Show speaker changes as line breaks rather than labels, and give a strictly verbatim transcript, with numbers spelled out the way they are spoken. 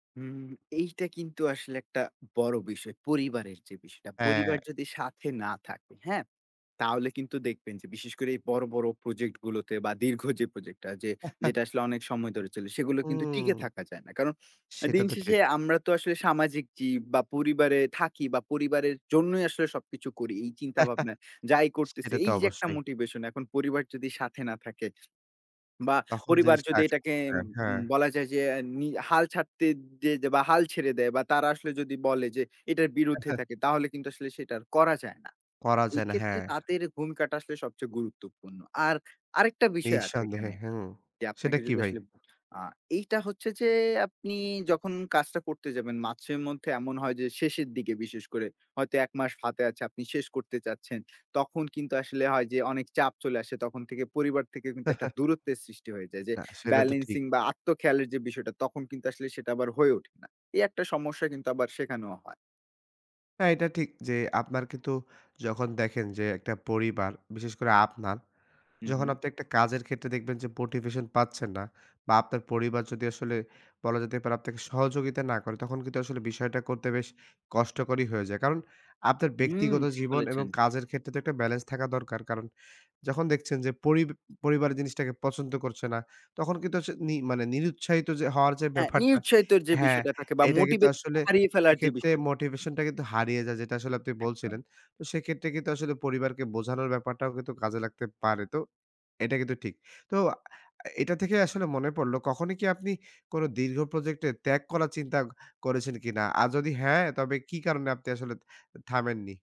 উম এইটা কিন্তু আসলে একটা বড় বিষয়, পরিবারের যে বিষয়টা। পরিবার
হ্যাঁ।
যদি সাথে না থাকে, হ্যাঁ? তাহলে কিন্তু দেখবেন যে বিশেষ করে, এই বড়, বড় প্রজেক্ট গুলোতে। বা দীর্ঘ যে প্রজেক্টটা যে, যেটা আসলে অনেক সময় ধরে চলে, সেগুলো কিন্তু টিকে
হুউম।
থাকা যায় না। কারণ, এ
সেটা
দিন
তো
শেষে
ঠিক।
আমরা তো আসলে সামাজিক জীব বা পরিবারে থাকি। বা পরিবারের জন্যই আসলে সবকিছু করি, এই চিন্তাভাবনায় যাই করতেছি।
সেটা তো
এই যে একটা
অবশ্যই।
মোটিভেশন। এখন পরিবার যদি সাথে না থাকে বা
তখন
পরিবার
জিনিসটা
যদি
[unintelligible]
এটাকে এম
করেন।
উম
হ্যাঁ।
বলা যায় যে, নি হাল ছাড়তে দিয়ে দে বা হাল ছেড়ে দেয় বা তারা আসলে যদি বলে যে, এটার বিরুদ্ধে থাকে। তাহলে কিন্তু আসলে সেটা আর করা যায় না।
করা যায় না,
এক্ষেত্রে
হ্যাঁ।
তাদের ভূমিকাটা আসলে সবচেয়ে গুরুত্বপূর্ণ। আর আরেকটা বিষয় আছে
নিঃসন্দেহে
এখানে।
হু।
যে
সেটা
আপনাকে
কি
যদি
ভাই?
আসলে আ এইটা হচ্ছে যে, আপনি যখন কাজটা করতে যাবেন, মাসের মধ্যে এমন হয় যে, শেষের দিকে বিশেষ করে। হয়তো এক মাস হাতে আছে, আপনি শেষ করতে চাচ্ছেন। তখন কিন্তু আসলে হয় যে অনেক চাপ চলে আসে, তখন থেকে, পরিবার থেকে কিন্তু একটা দূরত্বের সৃষ্টি হয়ে যায়। যে
না, সেটা তো ঠিক।
বেলেন্সিং বা আত্ম খেয়ালের যে বিষয়টা, তখন কিন্তু আসলে সেটা আবার হয়ে ওঠে না। এই একটা সমস্যা কিন্তু আবার সেখানেও হয়।
হ্যাঁ, এটা ঠিক যে, আপনার কিন্তু যখন দেখেন যে একটা পরিবার, বিশেষ করে আপনার।
হু,
যখন
হু।
আপনি একটা কাজের ক্ষেত্রে দেখবেন যে মোটিভেশন পাচ্ছেন না। বা আপনার পরিবার যদি আসলে বলা যেতে পারে, আপনাকে সহযোগিতা না করে, তখন কিন্তু আসলে বিষয়টা করতে বেশ কষ্টকরই হয়ে যায়। কারণ, আপনার
হুম,
ব্যক্তিগত
ঠিক
জীবন এবং
বলেছেন।
কাজের ক্ষেত্রে তো একটা ব্যালেন্স থাকা দরকার। কারণ, যখন দেখছেন যে পরিব পরিবার জিনিসটাকে পছন্দ করছে না, তখন কিন্তু আস নি মানে নিরুৎসাহিত যে হওয়ার যে
হ্যাঁ,
ব্যাপারটা
নিরুৎসাহিতর যে
হ্যাঁ।
বিষয়টা থাকে বা
এটা কিন্তু
মোটিভেশনটা
আসলে
হারিয়ে ফেলার যে
সেক্ষেত্রে
বিষয়টা থাকে।
মোটিভেশনটা কিন্তু হারিয়ে যায়, যেটা আসলে আপনি বলছিলেন।
একদম।
তো সেক্ষেত্রে কিন্তু আসলে পরিবারকে বোঝানোর ব্যাপারটাও কিন্তু কাজে লাগতে পারে। তো এটা কিন্তু ঠিক। তো আ এটা থেকে আসলে মনে পড়ল, কখনই কি আপনি কোনো দীর্ঘ প্রজেক্টে, ত্যাগ করার চিন্তা করেছেন কিনা? আর যদি হ্যাঁ, তবে কি কারণে আপনি আসলে থামেননি?